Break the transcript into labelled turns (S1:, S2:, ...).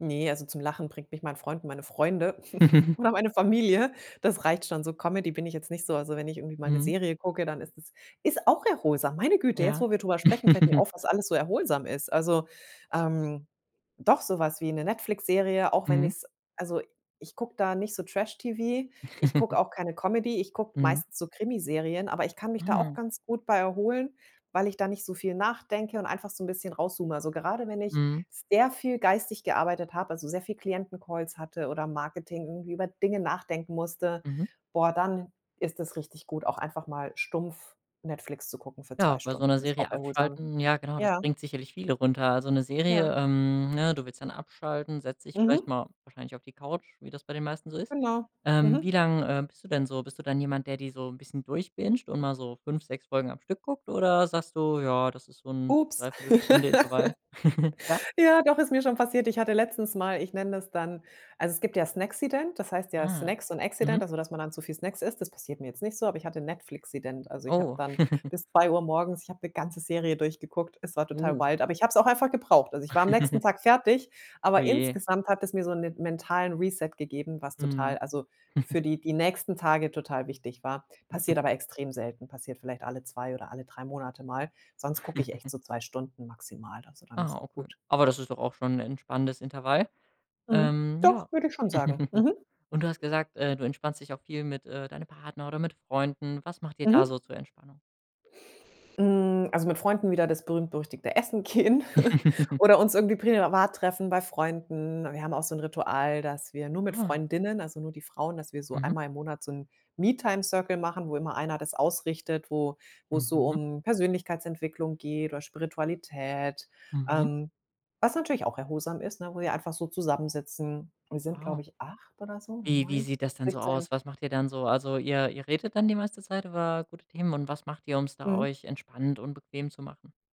S1: Ne, also, zum Lachen bringt mich mein Freund und meine Freunde oder meine Familie. Das reicht schon. So Comedy bin ich jetzt nicht so. Also, wenn ich irgendwie mal 'ne
S2: Mhm.
S1: Serie gucke, dann ist es ist auch erholsam. Meine Güte, jetzt
S2: Ja.
S1: wo wir drüber sprechen, fällt mir auf, was alles so erholsam ist. Also, ähm, doch, so was wie 'ne Netflix-Serie, auch wenn
S2: Mhm.
S1: ich's also, ich gucke da nicht so Trash-TV. Ich gucke auch keine Comedy, ich gucke
S2: Mhm.
S1: meistens so Krimiserien, aber ich kann mich da auch
S2: Ah.
S1: ganz gut bei erholen, weil ich da nicht so viel nachdenke und einfach so 'n bisschen raus zoome. Also, gerade wenn ich
S2: Mhm.
S1: sehr viel geistig gearbeitet habe, also, sehr viel Klienten-Calls hatte oder Marketing irgendwie über Dinge nachdenken musste,
S2: Mhm.
S1: boah, dann ist es richtig gut, auch einfach mal stumpf Netflix zu gucken für 2
S2: Ja, bei so
S1: Stunden.
S2: 'ner
S1: Ist auch
S2: Serie
S1: erholsam,
S2: abschalten, ja genau, das
S1: ja.
S2: bringt sicherlich viele runter. Also, 'ne Serie,
S1: Ja.
S2: ähm, ne, du willst dann abschalten, setzt dich vielleicht
S1: Mhm.
S2: mal wahrscheinlich auf die Couch, wie das bei den meisten so ist.
S1: Genau,
S2: Ähm, wie
S1: mhm.
S2: lange, äh, bist du denn so bist du dann jemand, der dir so 'n bisschen durchbingt und mal so 5, 6 Folgen am Stück guckt? Oder sagst du: „Ja, das ist so 'n
S1: Ups.
S2: Dreiviertelstunde-intervall?“ Ja?
S1: Ja, doch ist mir schon passiert. Ich hatte letztens mal ich nenne das dann also, es gibt ja Snacksident, das heißt ja
S2: Ah,
S1: Snacks und
S2: mhm.
S1: Accident, also, dass man dann zu viel Snacks isst. Das passiert mir jetzt nicht so, aber ich hatte Netflixident. Also, ich habe
S2: Oh.
S1: dann bis 2:00 morgens ich habe 'ne ganze Serie durchgeguckt. Es war total
S2: Uh.
S1: wild, aber ich habe es auch einfach gebraucht. Also, ich war am nächsten Tag fertig,
S2: Oh
S1: aber
S2: je.
S1: insgesamt hat es mir so 'nen mentalen Reset gegeben, was total
S2: Mhm.
S1: also, für die die nächsten Tage total wichtig war. Passiert aber extrem selten, passiert vielleicht alle 2 oder alle 3 Monate mal. Sonst gucke ich echt so 2 Stunden maximal. Also, dann
S2: Ah,
S1: ist auch
S2: okay,
S1: gut.
S2: aber das ist doch auch schon 'n entspannendes Intervall,
S1: Mhm,
S2: ähm, ja.
S1: doch, würde ich schon sagen, mhm.
S2: Und du hast gesagt, äh, du entspannst dich auch viel mit, äh, deinem Partner oder mit Freunden. Was macht ihr da
S1: Mhm.
S2: so zur Entspannung?
S1: Hm, also, mit Freunden wieder das berühmt berüchtigte Essen gehen oder uns irgendwie privat treffen bei Freunden. Wir haben auch so 'n Ritual, dass wir nur mit
S2: Ah.
S1: Freundinnen, also, nur die Frauen, dass wir so
S2: Mhm.
S1: einmal im Monat so 'n Me-Time-Circle machen, wo immer Einer das ausrichtet, wo wo's so
S2: Mhm.
S1: um Persönlichkeitsentwicklung geht oder Spiritualität,
S2: Mhm.
S1: ähm, was natürlich auch erholsam ist, ne? Wo wir einfach so zusammensitzen. Wir sind, glaube
S2: Wow.
S1: ich, 8 oder so
S2: Wie wie
S1: 9.
S2: sieht das denn so
S1: [unintelligible]
S2: aus? Was macht ihr dann so? Also, ihr ihr redet dann die meiste Zeit über gute Themen und was macht ihr, um's da
S1: Mhm.
S2: euch entspannt und bequem zu machen?